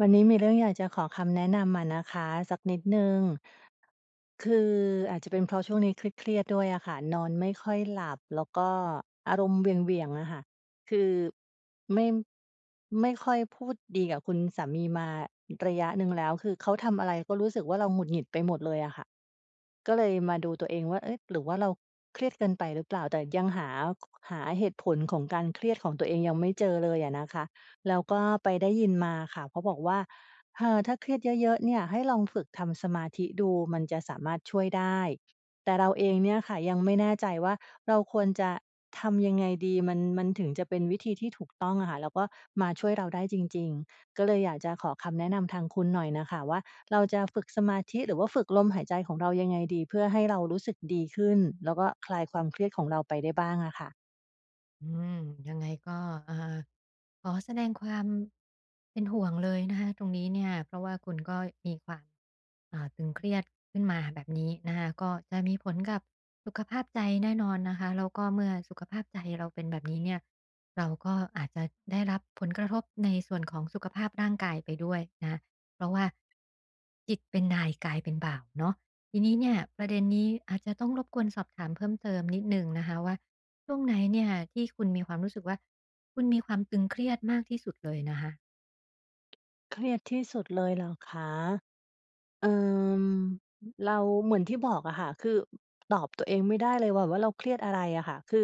วันนี้มีเรื่องอยากจะขอคำแนะนำอะนะคะ สักนิดหนึ่ง คือ อาจจะเป็นเพราะช่วงนี้เครียด ๆ ด้วยอะค่ะ นอนไม่ค่อยหลับ แล้วก็อารมณ์เหวี่ยง ๆ อะค่ะ คือไม่ ไม่ค่อยพูดดีกับคุณสามีมาระยะหนึ่งแล้ว คือเขาทำอะไรก็รู้สึกว่าเราหงุดหงิดไปหมดเลยอะค่ะ ก็เลยมาดูตัวเองว่า เอ๊ะ หรือว่าเราเครียดเกินไปหรือเปล่า? แต่ยังหา ค หาเหตุผลของการเครียดของตัวเองยังไม่เจอเลยอะนะคะ แล้วก็ไปได้ยินมาค่ะ เพราะบอกว่า "เธอ ถ้าเครียดเยอะ ๆ เนี่ยให้ลองฝึกทำสมาธิดู มันจะสามารถช่วยได้" แต่เราเองเนี่ยค่ะ ยังไม่แน่ใจว่าเราควรจะทำยังไงดีมัน มันถึงจะเป็นวิธีที่ถูกต้องอะค่ะ แล้วก็มาช่วยเราได้จริง ๆ ก็เลยอยากจะขอคำแนะนำทางคุณหน่อยน่ะค่ะว่า เราจะฝึกสมาธิหรือว่าฝึกลมหายใจของเรายังไงดี? เพื่อให้เรารู้สึกดีขึ้น แล้วก็คลายความเครียดของเราไปได้บ้างอะค่ะ? อืม ยังไงก็ เอ่อ ขอแสดงความเป็นห่วงเลยนะคะตรงนี้เนี่ย เพราะว่าคุณก็มีความ อ่า ตึงเครียดขึ้นมาแบบนี้นะคะ ก็จะมีผลกับสุขภาพใจแน่นอนนะคะ แล้วก็เมื่อสุขภาพใจเราเป็นแบบนี้เนี่ย เราก็อาจจะได้รับผลกระทบในส่วนของสุขภาพร่างกายไปด้วยนะคะ เพราะว่า จิตเป็นนายกายเป็นบ่าวเนาะ ทีนี้เนี่ยประเด็นนี้อาจจะต้องรบกวนสอบถามเพิ่มเติมนิดหนึ่งนะคะว่า ช่วงไหนเนี่ยที่คุณมีความรู้สึกว่า คุณมีความตึงเครียดมากที่สุดเลยนะคะ? เครียดที่สุดเลยเหรอคะ? เอ่อ อ เราเหมือนที่บอกอะค่ะ คือ อ ตอบตัวเองไม่ได้เลย หว่า ว่า เราเครียดอะไรอะค่ะ คือ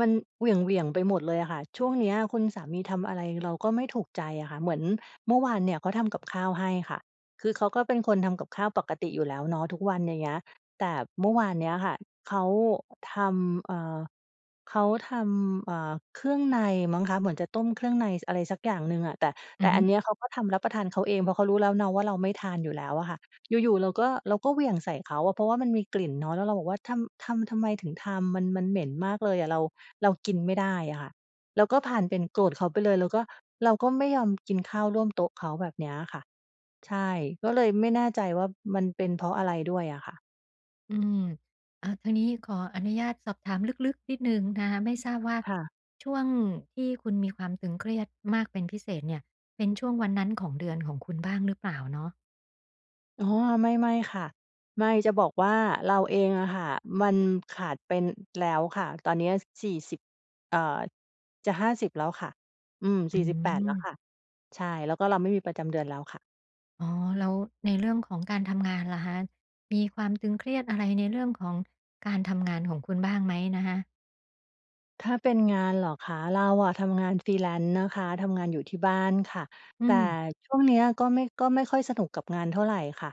มันเหวี่ยง ๆ ไปหมดเลยอะค่ะ ช่วงเนี้ยคุณสามีทำอะไร เราก็ไม่ถูกใจอะค่ะ เหมือนเมื่อวานเนี่ยเขาทำ กับข้าวให้ค่ะ คือเขาก็เป็นคนทำกับข้าวปกติอยู่แล้วเนาะทุกวันอย่างเงี้ย แต่เมื่อวานเนี้ยค่ะ เขาทำ เอ่อ เขาทำ เอ่อ เครื่องในมั้งคะ เหมือนจะต้มเครื่องใน ส อะไรสักอย่างหนึ่งอะ แต่ อแตื่อฮอัึ นเนี้ยเขาก็ทำรับประทานเขาเอง เพราะเขารู้แล้วเนาะ ว่าเราไม่ทาน อยู่แล้วอะค่ะ อยู่ ๆ เราก็ เราก็เหวี่ยง ใส่เขาอะ เพราะว่ามันมีกลิ่นเนาะ แล้วเราบอกว่า ทำ ทำ ทำไม ถึงทำ มัน มันเหม็นมากเลยอะ เรา เรากินไม่ได้อะค่ะ แล้วก็พาลเป็นโกรธเขาไปเลย แล้วก็เราก็ไม่ยอมกินข้าวร่วมโต๊ะเขา แบบนี้อะค่ะ ใช่ ก็เลยไม่แน่ใจว่ามันเป็นเพราะอะไรด้วยอะค่ะ อืม อะ ทางนี้ขออนุญาตสอบถามลึก ๆ นิดหนึ่งนะคะ ไม่ทราบว่าค่ะ ช่วงที่คุณมีความตึงเครียดมากเป็นพิเศษเนี่ย เป็นช่วงวันนั้นของเดือนของคุณบ้างหรือเปล่าเนาะ? อ๋อ ไม่ ๆ ค่ะ ไม่ จะบอกว่าเราเองอะค่ะ มันขาดเป็น แล้วค่ะ ตอนนี้ ส 40 เอ่อ จะ 50 แล้วค่ะ อืม อ48 แล้วืม ค่ะ ใช่ แล้วก็เราไม่มีประจำเดือนแล้วค่ะ อ๋อ แล้วในเรื่อง ของการทำงานล่ะคะ มีความตึงเครียดอะไร ในเรื่องของการทำงานของคุณบ้างไหมนะคะ? ถ้าเป็นงานเหรอคะ เราอะทำงาน Freelance นะคะ ทำงานอยู่ที่บ้านค่ะ อืแต่ม ช่วงเนี้ยก็ไม่ ก็ไม่ค่อยสนุกกับงานเท่าไรค่ะ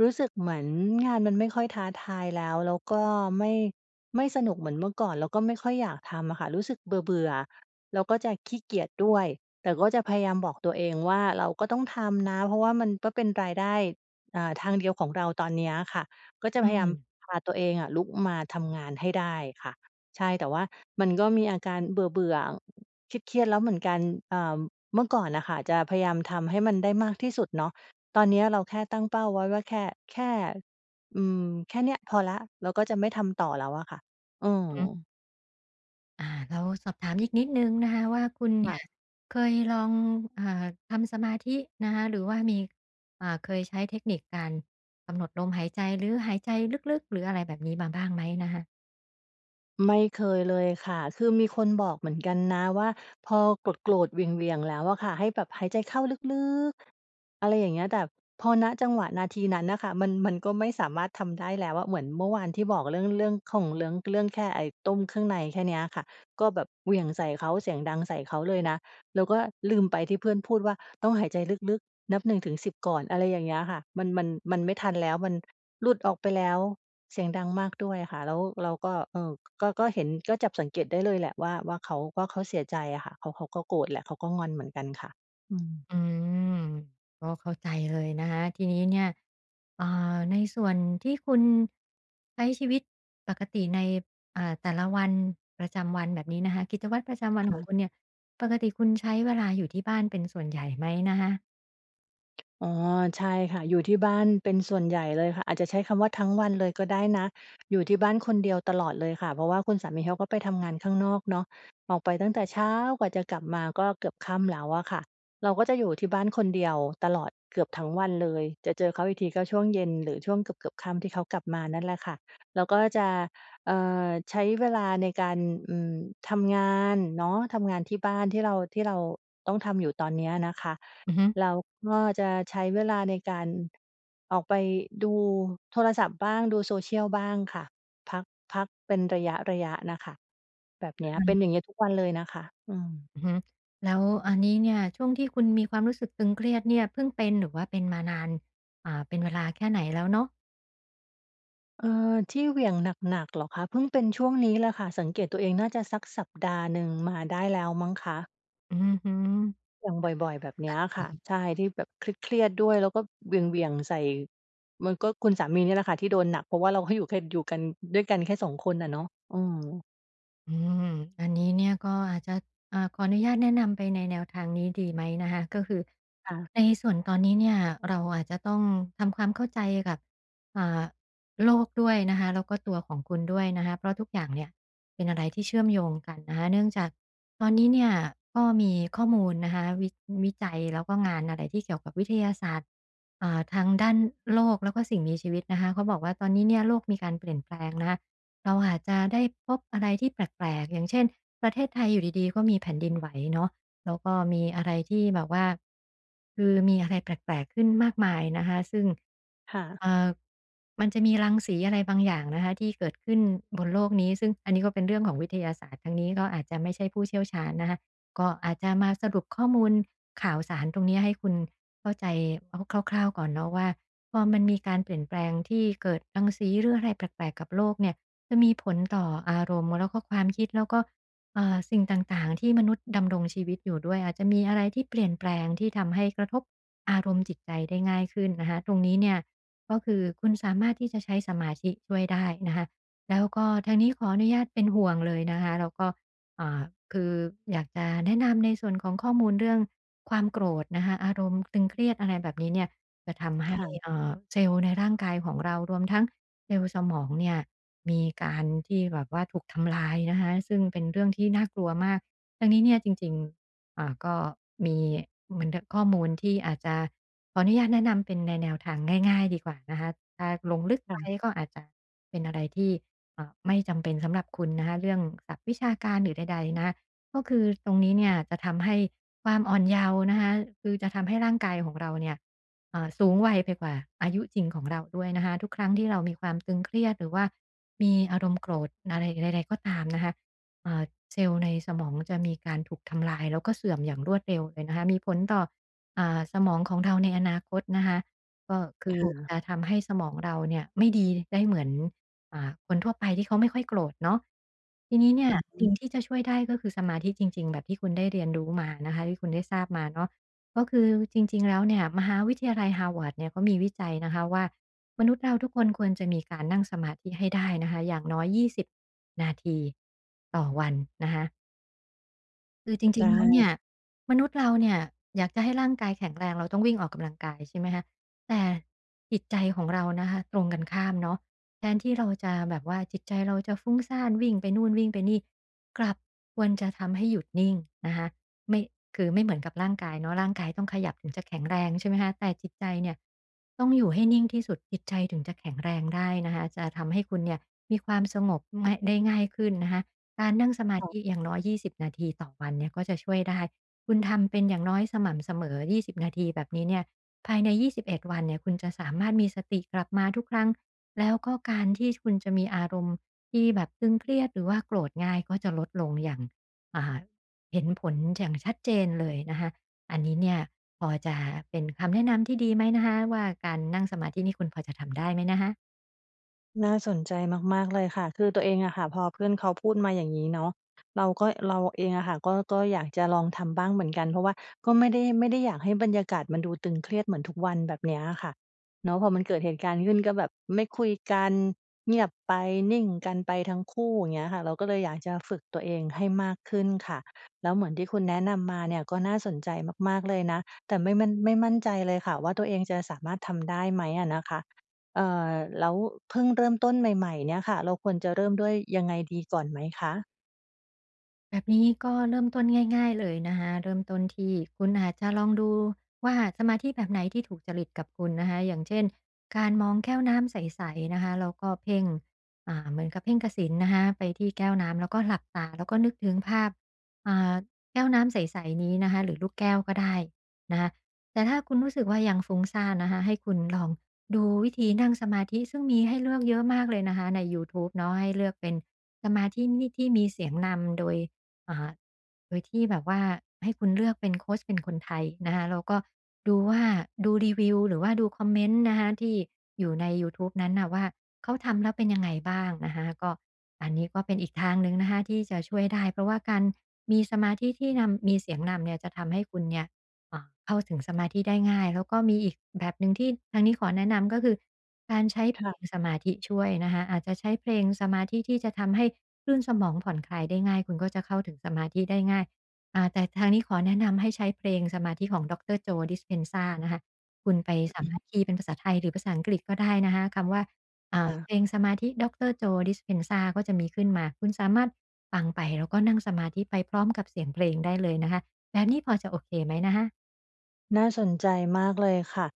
รู้สึกเหมือนงานมันไม่ค่อยท้าทายแล้ว แล้วก็ไม่ ไม่สนุกเหมือนเมื่อก่อน แล้วก็ไม่ค่อยอยากทำอะค่ะ รู้สึกเบื่อ ๆ แล้วก็จะขี้เกียจด้วย แต่ก็จะพยายามบอกตัวเองว่า "เราก็ต้องทำนะ" เพราะว่ามันก็เป็นรายได้ อ่า ทางเดียวของเราตอนนี้อะค่ะ ก็จอะืพยายามม พาตัวเองอะลุกมาทำงานให้ได้ค่ะ ใช่ แต่ว่ามันก็มีอาการเบื่อ ๆ เครียด ๆ แล้วเหมือนกัน เอ่อ เมื่อก่อนน่ะค่ะ จะพยายามทำให้มันได้มากที่สุดเนาะ ตอนนี้เราแค่ตั้งเป้าไว้ว่า แค่ แค่ อืม แค่เนี้ยพอแล้ว เราก็จะไม่ทำต่อแล้วอะค่ะ อือือฮึ ม อา แล้วสอบถามอีกนิดหนึ่งนะคะว่า คุณ เนคี่่ยะ เคยลอง อ่า ทำสมาธินะคะ หรือว่ามี อ่า เคยใช้เทคนิคการกำหนดลมหายใจ หรือหายใจลึก ๆ หรืออะไรแบบนี้มาบ้างไหมนะคะ? ไม่เคยเลยค่ะ คือมีคนบอกเหมือนกันนะว่า "พอโกรธ ๆ เหวี่ยง ๆ แล้วอะค่ะ ให้แบบหายใจเข้าลึก ๆ" อะไรอย่างเงี้ย แต่พอ ณ จังหวะนาทีนั้นน่ะค่ะ มัน มันก็ไม่สามารถทำได้แล้วอะ เหมือนเมื่อวานที่บอกเรื่อง เรื่องของเรื้อง เรื่องแค่ไอ้ต้มเครื่องในแค่เนี้ยอะค่ะ ก็แบบเหวี่ยงใส่เขา เสียงดังใส่เขาเลยนะ แล้วก็ลืมไปที่เพื่อนพูดว่า "ต้องหายใจลึก ๆ นับ 1-10 ก่อน" อะไรอย่างเงี้ยค่ะ มัน มัน มันไม่ทันแล้ว มันหลุดออกไปแล้ว เสียงดังมากด้วยอะค่ะ แล้ว เราก็ เอ่อ ก็ ก็เห็น ก็จับสังเกตได้เลยแหละว่า ว่าเขา ว่าเขาเสียใจอะค่ะ เขา เขาก็โกรธแหละ เขาก็งอนเหมือนกันค่ะ อืม อืม ก็เข้าใจเลย นะคะ ทีนี้เนี่ย เอ่อ ในส่วนที่คุณ ใช้ชีวิตปกติใน อ่า แต่ละวัน ประจำวันแบบนี้นะคะ กิจวัตรประจำวัน ฮของะ คุณเนี่ย ปกติคุณใช้เวลาอยู่ที่บ้านเป็นส่วนใหญ่ไหมนะคะ? อ๋อ ใช่ค่ะ อยู่ที่บ้านเป็นส่วนใหญ่เลยค่ะ อาจจะใช้คำว่าทั้งวันเลยก็ได้นะ อยู่ที่บ้านคนเดียวตลอดเลยค่ะ เพราะว่าคุณสามีเขาก็ไปทำงานข้างนอกเนาะ ออกไปตั้งแต่เช้ากว่าจะกลับมาก็เกือบค่ำแล้วอะค่ะ เราก็จะอยู่ที่บ้านคนเดียวตลอดเกือบทั้งวันเลย จะเจอเขาอีกทีก็ช่วงเย็น หรือช่วงเกือบ ๆ ค่ำที่เขากลับมานั่นแหละค่ะ เราก็จะ เอ่อ ใช้เวลาในการ อืม ทำงานเนาะ ทำงานที่บ้านที่เรา ที่เราต้องทำอยู่ตอนเนี้ยนะคะ อือฮึ แล้วก็จะใช้เวลาในการออกไปดูโทรศัพท์บ้าง ดูโซเชียลบ้างค่ะ พัก พักเป็นระยะ ๆ น่ะค่ะ แบบเนอี้ะย ฮเปะ ็นอย่างเงี้ยทุกวันเลยน่ะค่ะ อืม อือฮึ แล้วอันนี้เนี่ย ช่วงที่คุณมีความรู้สึกตึงเครียดเนี่ย เพิ่งเป็นหรือว่าเป็นมานาน อ่า เป็นเวลาแค่ไหนแล้วเนาะ? เออ ที่เหวี่ยงหนัก ๆ เหรอคะ? เพิ่งเป็นช่วงนี้แหละค่ะ สังเกตตัวเอง น่าจะสักสัปดาห์หนึ่งมาได้แล้วมั้งคะ อือฮึ อเหวี่ยงบ่อย ๆ แบบเนี้ยคะฮะ ค่ะ อื่ะ อฮึ ใช่ ที่แบบเครียด ๆ ด้วย แล้วก็เหวี่ยง ๆ ใส่ มันก็ คุณสามีเนี่ยล่ะค่ะที่โดนหนัก เพราะว่าเราให้อยู่แค่ อยู่กัน ด้วยกันแค่สองคนน่ะเนาะ อืม อืม อันนี้เนี่ย ก็อาจจะ อ่า ขออนุญาตแนะนำไปในแนวทางนี้ ดีไหมนะคะ ก็คือค่ะ ในส่วนตอนนี้เนี่ย เราอาจจะต้องทำความเข้าใจกับ อ่า โลกด้วยนะคะ แล้วก็ตัวของคุณด้วยนะคะ เพราะทุกอย่างเนี่ย เป็นอะไรที่เชื่อมโยงกันนะคะ เนื่องจากตอนนี้เนี่ย ก็มีข้อมูลนะคะ วิ วิจัยแล้วก็งานอะไรที่เกี่ยวกับวิทยาศาสตร์ อ่า ทางด้านโลกแล้วก็สิ่งมีชีวิตนะคะ เขาบอกว่าตอนนี้เนี่ย โลกมีการเปลี่ยนแปลงนะคะ เราอาจจะได้พบอะไรที่แปลก ๆ อย่างเช่น ประเทศไทยอยู่ดี ๆ ก็มีแผ่นดินไหวเนาะ แล้วก็มีอะไรที่แบบว่า คือมีอะไรแปลก ๆ ขึ้นมากมายนะคะ ซึ่ง ค่ะ เอ่อ มันจะมีรังสีอะไรบางอย่างนะคะ ที่เกิดขึ้นบนโลกนี้ ซึ่งอันนี้ก็เป็นเรื่องของวิทยาศาสตร์ ทางนี้ก็อาจจะไม่ใช่ผู้เชี่ยวชาญนะคะ ก็อาจจะมาสรุปข้อมูลข่าวสารตรงเนี้ย ให้คุณเข้าใจ อ คร่าว ๆ ก่อนเนาะว่า พอมันมีการเปลี่ยนแปลงที่เกิดรังสีหรืออะไรแปลก ๆ กับโลกเนี่ย จะมีผลต่ออารมณ์ แล้วก็ความคิด แล้วก็ เอ่อ สิ่งต่าง ๆ ที่มนุษย์ดำรงชีวิตอยู่ด้วย อาจจะมีอะไรที่เปลี่ยนแปลง ที่ทำให้กระทบอารมณ์จิตใจได้ง่ายขึ้นนะคะ ตรงนี้เนี่ย ก็คือคุณสามารถที่จะใช้สมาธิช่วยได้นะคะ แล้วก็ทางนี้ขออนุญาตเป็นห่วงเลยนะคะ แล้วก็ อ่า คืออยากจะแนะนำในส่วนของข้อมูลเรื่องความโกรธนะคะ อารมณ์ตึงเครียด อะไรแบบนี้เนี่ย จะทำใหค้ ่ะ เอ่อ เซลล์ในร่างกายของเรา รวมทั้งเซลล์สมองเนี่ย มีการที่ แบบว่าถูกทำลายนะคะ ซึ่งเป็นเรื่องที่น่ากลัวมาก ดังนี้เนี่ย จริง ๆ เอ่อ ก็มีเหมือน ด ข้อมูลที่อาจจะ ขออนุญาตแนะนำเป็นในแนวทางง่าย ๆ ดีกว่านะคะ ถ้าลงลึกค่ไปะ ก็อาจจะเป็นอะไรที่ เอ่อ ไม่จำเป็นสำหรับคุณนะคะ เรื่องศัพท์วิชาการหรือใด ๆ นะคะ ก็คือตรงนี้เนี่ย จะทำให้ความอ่อนเยาว์นะคะ คือจะทำให้ร่างกายของเราเนี่ย เอ่อ สูงวัยไปกว่าอายุจริงของเราด้วยนะคะ ทุกครั้งที่เรามีความตึงเครียด หรือว่ามีอารมณ์โกรธอะไรใด ๆ ก็ตามนะคะ เอ่อ เซลล์ในสมองจะมีการถูกทำลาย แล้วก็เสื่อมอย่างรวดเร็วเลยนะคะ มีผลต่อ อ่า สมองของเราในอนาคตนะคะ ก็คืคอ่ะ จะทำให้สมองเราเนี่ยไม่ดีได้เหมือน อ่า คนทั่วไปที่เขาไม่ค่อยโกรธเนาะ ที่นี้เนี่อย ือฮสิ่งึ ที่จะช่วยได้ ก็คือสมาธิจริง ๆ แบบที่คุณได้เรียนรู้มานะคะ ที่คุณได้ทราบมาเนาะ ก็คือจริง ๆ แล้วเนี่ย มหาวิทยาลัย Harvard เนี่ย เขามีวิจัยนะคะว่า มนุษย์เราทุกคนควรจะมีการนั่งสมาธิให้ได้นะคะ อย่างน้อย 20 นาทีต่อวันนะคะ คือจไรดิง ๆ แล้วเน้ ี่ย มนุษย์เราเนี่ยอยากจะให้ร่างกายแข็งแรง เราต้องวิ่งออกกำลังกาย ใช่ไหมคะ แต่จิตใจของเรานะคะตรงกันข้ามเนาะ แทนที่เราจะแบบว่าจิตใจเราจะฟุ้งซ่าน วิ่งไปนู่น วิ่งไปนี่ กลับควรจะทำให้หยุดนิ่งนะคะ ไม่ คือไม่เหมือนกับร่างกายเนาะ ร่างกายต้องขยับถึงจะแข็งแรง ใช่ไหมคะ แต่จิตใจเนี่ยต้องอยู่ให้นิ่งที่สุด จิตใจถึงจะแข็งแรงได้นะคะ จะทำให้คุณเนี่ยมีความสงบ ไม่ ได้ง่ายขึ้นนะคะ การนั่งสมาค่ธะ ิอย่างน้อย 20 นาทีต่อวันเนี่ยก็จะช่วยได้ คุณทำเป็นอย่างน้อยสม่ำเสมอ 20 นาทีแบบนี้เนี่ย ภายใน 21 วันเนี่ยคุณจะสามารถมีสติกลับมาทุกครั้ง แล้วก็การที่ จ คุณจะมีอารมณ์ที่แบบตึงเครียด หรือว่าโกรธง่ายก็จะลดลงอย่าง อ่า เห็นผลอย่างชัดเจนเลยนะคะ อันนี้เนี่ยพอจะเป็นคำแนะนำที่ดีไหมนะคะ? ว่าการนั่งสมาธินี่ คุณพอจะทำได้ไหมนะคะ? น่าสนใจมาก ๆ เลยค่ะ คือตัวเองอะค่ะ พอเพื่อนเขาพูดมาอย่างงี้เนาะ เราก็ เราเองอะค่ะ ก็ ก็อยากจะลองทำบ้างเหมือนกัน เพราะว่าก็ไม่ได้ ไม่ได้อยากให้บรรยากาศมันดูตึงเครียดเหมือนทุกวันแบบนี้อะค่ะเนาะ พอมันเกิดเหตุการณ์ขึ้นก็แบบไม่คุยกัน เงียบไป นิ่งกันไปทั้งคู่ อย่างเงี้ยค่ะ เราก็เลยอยากจะฝึกตัวเองให้มากขึ้นค่ะ แล้วเหมือนที่คุณแนะนำมาเนี่ยก็น่าสนใจมาก ๆ เลยนะ แต่ไม่มั่น ไม่มั่นใจเลยค่ะว่า ตัวเองจะสามารถทำได้ไหมอะนะคะ เอ่อ แล้วเพิ่งเริ่มต้นใหม่ ๆ เนี่ยค่ะ เราควรจะเริ่มด้วยยังไงดีก่อนไหมคะ? แบบนี้ก็เริ่มต้นง่าย ๆ เลยนะคะ เริ่มต้นที่คุณอาจจะลองดูว่า สมาธิแบบไหนที่ถูกจริตกับคุณนะคะ อย่างเช่น การมองแก้วน้ำใส ๆ นะคะแล้วก็เพ่ง อ่า เหมือนกับเพ่งกสิณนะคะไปที่แก้วน้ำแล้วก็หลับตา แล้วก็นึกถึงภาพ อ่า แก้วน้ำใส ๆ นี้นะคะ หรือลูกแก้วก็ได้นะคะ แต่ถ้าคุณรู้สึกว่า ยังฟุ้งซ่านนะคะ ให้คุณลองดูวิธีนั่งสมาธิซึ่งมีให้เลือก เยอะมากเลยนะคะในยูทูบเนาะ ให้เลือกเป็นสมาธินี่ ที่มีเสียงนำโดย อ่า โดยที่แบบว่าให้คุณเลือกเป็น โคชเป็นคนไทยนะคะ แล้วก็ดูว่า ดูรีวิว หรือว่าดูคอมเมนต์นะคะที่อยู่ในยูทูบนั้นน่ะว่าเขาทำแล้วเป็น ยังไงบ้างนะคะ ก็อันนี้ก็เป็นอีกทางหนึ่งนะคะที่จะช่วยได้ เพราะว่าการมีสมาธิที่นำ มีเสียงนำเนี่ยจะทำให้คุณเนี่ย อะ เข้าถึงสมาธิได้ง่าย แล้วก็มีอีกแบบหนึ่งที่ทางนี้ขอแนะนำ ก็คือการใช้เคพล่ะ งสมาธิช่วยนะคะ อาจจะใช้เพลงสมาธิที่จะทำให้คลื่นสมองผ่อนคลายได้ง่าย คุณก็จะเข้าถึงสมาธิได้ง่าย อ่า แต่ทางนี้ขอแนะนำให้ใช้เพลงสมาธิของด็อกเตอร์ Joe Dispenza นะคะ คุณไปสาอืมอฮารึ ถคีย์เป็นภาษาไทย หรือภาษาอังกฤษก็ได้นะคะคำว่า อ่คา ่ะ เพลงสมาธิด็อกเตอร์ Joe Dispenza ก็จะมีขึ้นมา คุณสามารถฟังไป แล้วก็นั่งสมาธิไปพร้อมกับเสียงเพลงได้เลยนะคะ แบบนี้พอจะโอเคไหมนะคะ? น่าสนใจมากเลยค่ะ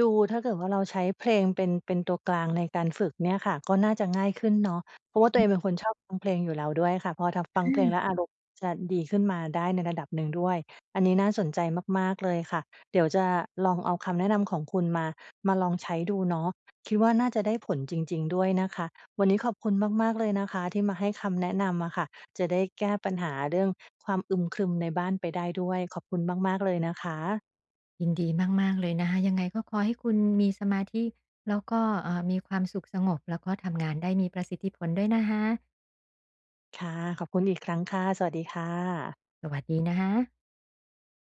ดูถ้าเกิดว่าเราใช้เพลงเป็น เป็นตัวกลางในการฝึกเนี่ยค่ะ ก็น่าจะง่ายขึ้นเนาะ เพราะว่าตัอวเือฮอึ งเป็นคนชอบฟังเพลงอยู่แล้วด้วยค่ะ พอทำ ฟังเพลองา แล้วอารมณ์จะดีขึ้นมาได้ในระดับหนึ่งด้วย อันนี้น่าสนใจมาก ๆ เลยค่ะ เดี๋ยวจะลองเอาคำแนะนำของคุณมา มาลองใช้ดูเนาะ คิดว่าน่าจะได้ผลจริง ๆ ด้วยนะคะ วันนี้ขอบคุณมาก ๆ เลยนะคะที่มาให้คำแนะนำอะค่ะ จะได้แก้ปัญหาเรื่องความอึมครึมในบ้านไปได้ด้วย ขอบคุณมาก ๆ เลยนะคะ ยินดีมาก ๆ เลยนะคะ ยังไงก็ขอให้คุณมีสมาธิแล้วก็ เอ่อ มีความสุขสงบ แล้วก็ทำงานได้มีประสิทธิผลด้วยนะคะ ค่ะ ขอบคุณอีกครั้งค่ะ สวัสดีค่ะ สวัสดีนะคะ